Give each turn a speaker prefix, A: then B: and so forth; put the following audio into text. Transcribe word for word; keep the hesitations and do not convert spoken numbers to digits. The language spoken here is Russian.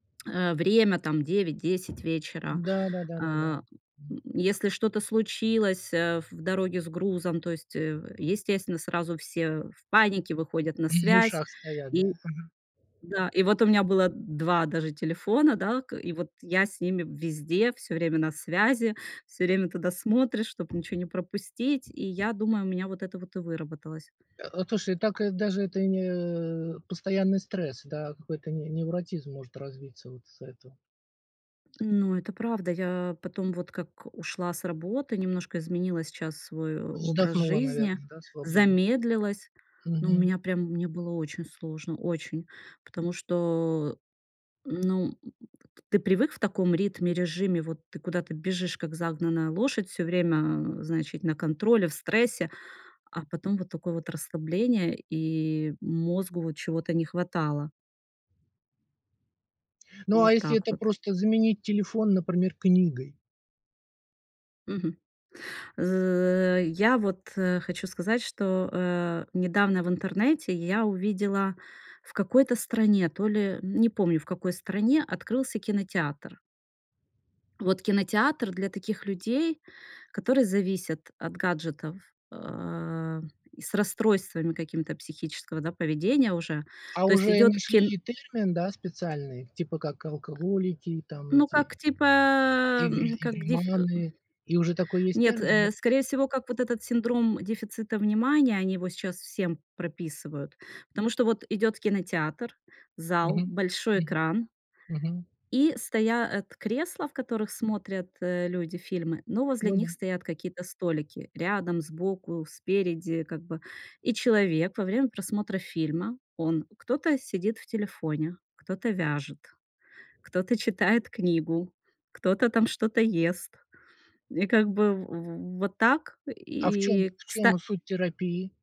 A: Э, время, там, девять десять вечера.
B: Да да да да да.
A: А, м,
B: Мгм.
A: если что-то случилось, э, в дороге с грузом, то есть, э, в естественно, сразу все в панике выходят на
B: М, в
A: связь.
B: ушах стоят, да?
A: И
B: Мгм.
A: да, и вот у меня было д два даже телефона, да. К и вот я с ними везде всё время на связи, всё время туда смотришь, чтоб ничего не пропустить. И я думаю, у меня вот это вот и выработалось.
B: А, а, слушай, так и даже это не постоянный стресс, да, а какой-то не невротизм может развиться вот из-за этого.
A: Ну, это правда. Я потом, вот как ушла с работы, немножко изменила сейчас свой образ
B: Вздохнула,
A: жизни,
B: наверное, да, свободно?
A: замедлилась. Но у
B: Мгм.
A: меня прям мне было очень сложно, очень. Потому что, ну, м ты привык в таком ритме, режиме, вот ты куда-то бежишь, как загнанная лошадь, всё время, значит, на контроле, в стрессе. А потом вот такое вот расслабление, и мозгу вот чего-то не хватало.
B: Ну а
A: Вот
B: если
A: так
B: это
A: вот.
B: просто заменить телефон, например, книгой?
A: Мгм. З я вот, э, хочу сказать, что, э, недавно в интернете я увидела: в какой-то стране, то ли, не помню, в какой стране, открылся кинотеатр. Вот кинотеатр для таких людей, которые зависят от гаджетов, э, и с расстройствами какими-то психического, да, поведения уже.
B: А
A: То есть
B: уже и
A: идёт
B: нашли
A: кин
B: и термин, да, специальный, типа, как алкоголики, там,
A: Ну,
B: эти
A: как, типа,
B: игры
A: м, как дефь э, м
B: игроманы. И уже такой есть
A: Нет,
B: термин. Я, пц
A: э, скорее всего, как вот этот синдром дефицита внимания, они его сейчас всем прописывают. Потому что вот идёт кинотеатр, зал,
B: Мгм,
A: большой
B: мгм.
A: экран.
B: Мгм.
A: И стоят кресла, в которых смотрят, э, люди фильмы, но возле
B: Ну
A: них
B: да.
A: стоят какие-то столики: рядом, сбоку, спереди, как бы. И человек во время просмотра фильма, он- кто-то сидит в телефоне, кто-то вяжет, кто-то читает книгу, кто-то там что-то ест. И, как бы, в в вот так,
B: А в чём
A: и
B: в чём
A: кста
B: суть терапии?